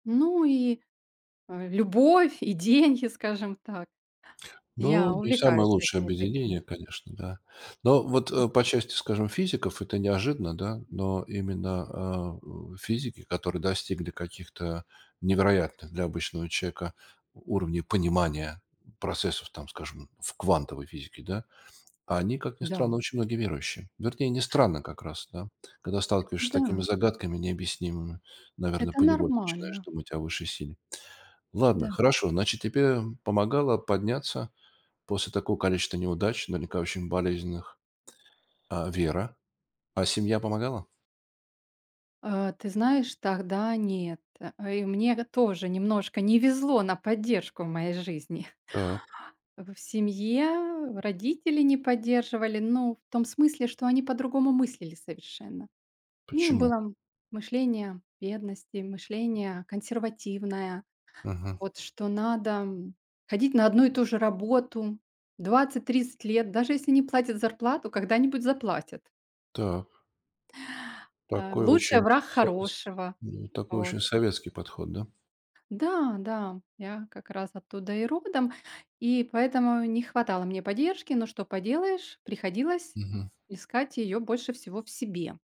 Ну и, а, любовь и деньги, скажем так. Я Ну, не увлекаюсь самое лучшее всякими объединение, такими конечно, да. Но вот, э, по части, скажем, физиков, это неожиданно, да, но именно, а, у физики, которые достигли каких-то невероятных для обычного человека уровней понимания процессов, там, скажем, в квантовой физике, да, они, как ни странно, Да. очень многие верующие. Вернее, не странно как раз, да? Когда Это. сталкиваешься с такими Да. загадками необъяснимыми, наверно, Это поневоле начинаешь нормально. думать о высшей силе. Ладно, Да. хорошо, значит, тебе, м, помогала подняться после такого количества неудач, наверняка очень болезненных, а, вера. А семья помогала? А, ты знаешь, тогда нет. А, а и мне га тоже немножко не везло на поддержку в моей жизни. Так. В в семье родители не поддерживали. Ну, в том смысле, что они по-другому мыслили совершенно. У них Почему? было м мышление бедности, мышление консервативное. Мгм. Вот что надо, м, ходить на одну и ту же работу 20-30 лет, даже если не платят зарплату, когда-нибудь заплатят. Так. А Такой лучший- очень враг са ис хорошего. ну, такой Вот. очень советский подход, да? Да, да, м, я как раз оттуда и родом, и поэтому не хватало мне поддержки. Но что поделаешь? Приходилось Мгм. искать её больше всего в себе.